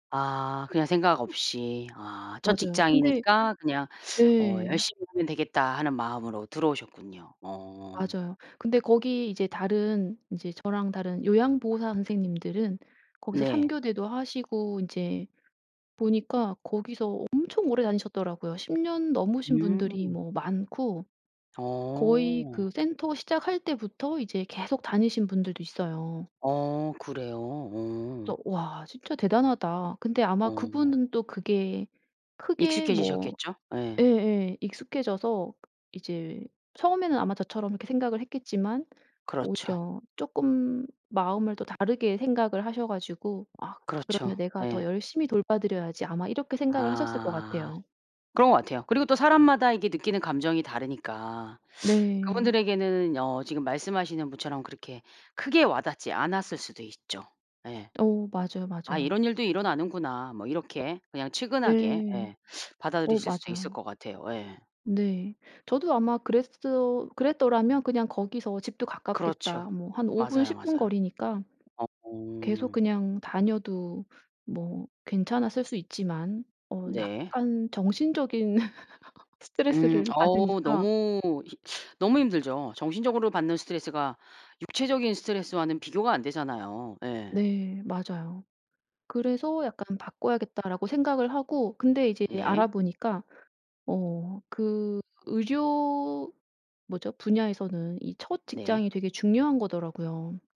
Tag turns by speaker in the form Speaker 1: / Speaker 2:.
Speaker 1: 아 그냥 생각 없이. 아 첫
Speaker 2: 맞아요 근데
Speaker 1: 직장이니까 그냥 어
Speaker 2: 네.
Speaker 1: '열심히 하면 되겠다.' 하는 마음으로 들어오셨군요. 어.
Speaker 2: 맞아요. 근데 거기 이제 다른 이제 저랑 다른 요양보호사 선생님들은 거기서 삼
Speaker 1: 네.
Speaker 2: 교대도 하시고 인제 보니까 거기서 엄청 오래 다니셨더라고요. 10년 넘으신 분들이
Speaker 1: 음.
Speaker 2: 뭐 많고 거의
Speaker 1: 어.
Speaker 2: 그 센터 시작할 때부터 이제 계속 다니신 분들도 있어요.
Speaker 1: 어 그래요? 어.
Speaker 2: 그래서 '와 진짜 대단하다.' 근데 아마
Speaker 1: 어.
Speaker 2: 그분은 또 그게 크게 뭐
Speaker 1: 익숙해지셨겠죠? 예.
Speaker 2: 예예 익숙해져서 이제 처음에는 아마 저처럼 이렇게 생각을 했겠지만
Speaker 1: 그렇죠.
Speaker 2: 오히려 쪼끔 마음을 또 다르게 생각을 하셔 가지고 '아
Speaker 1: 그렇죠.
Speaker 2: 그러면 내가 더
Speaker 1: 예.
Speaker 2: 열심히 돌봐 드려야지.' 아마 이렇게 생각을 하셨을 것
Speaker 1: 아.
Speaker 2: 같아요.
Speaker 1: 그런 것 같아요. 그리고 또 사람마다 이게 느끼는 감정이 다르니까
Speaker 2: 네.
Speaker 1: 그분들에게는 어 지금 말씀하시는 분처럼 그렇게 크게 와 닿지 않았을 수도 있죠. 예.
Speaker 2: 어 맞아요,
Speaker 1: '아
Speaker 2: 맞아요.
Speaker 1: 이런 일도 일어나는구나.' 뭐 이렇게 그냥 측은하게
Speaker 2: 네.
Speaker 1: 예
Speaker 2: 어
Speaker 1: 받아들이실 수도 있을
Speaker 2: 맞아요.
Speaker 1: 것 같아요. 예.
Speaker 2: 네. 저도 아마 그랬어 그랬더라면 그냥 거기서 집도
Speaker 1: 그렇죠.
Speaker 2: 가깝겠다 뭐 한 5분,
Speaker 1: 맞아요,
Speaker 2: 10분
Speaker 1: 맞아.
Speaker 2: 거리니까.
Speaker 1: 어.
Speaker 2: 계속 그냥 다녀도 뭐 괜찮았을 수 있지만 어
Speaker 1: 네.
Speaker 2: 약간 정신적인
Speaker 1: 음
Speaker 2: 스트레스를
Speaker 1: 어우
Speaker 2: 받으니까
Speaker 1: 너무 히 너무 힘들죠. 정신적으로 받는 스트레스가 육체적인 스트레스와는 비교가 안 되잖아요. 예.
Speaker 2: 네 맞아요. 그래서 약간 '바꿔야겠다.'라고 생각을 하고 근데 이제 알아
Speaker 1: 네.
Speaker 2: 보니까 어 그 의료 뭐죠? 분야에서는 이 첫
Speaker 1: 네.
Speaker 2: 직장이 되게 중요한 거더라고요.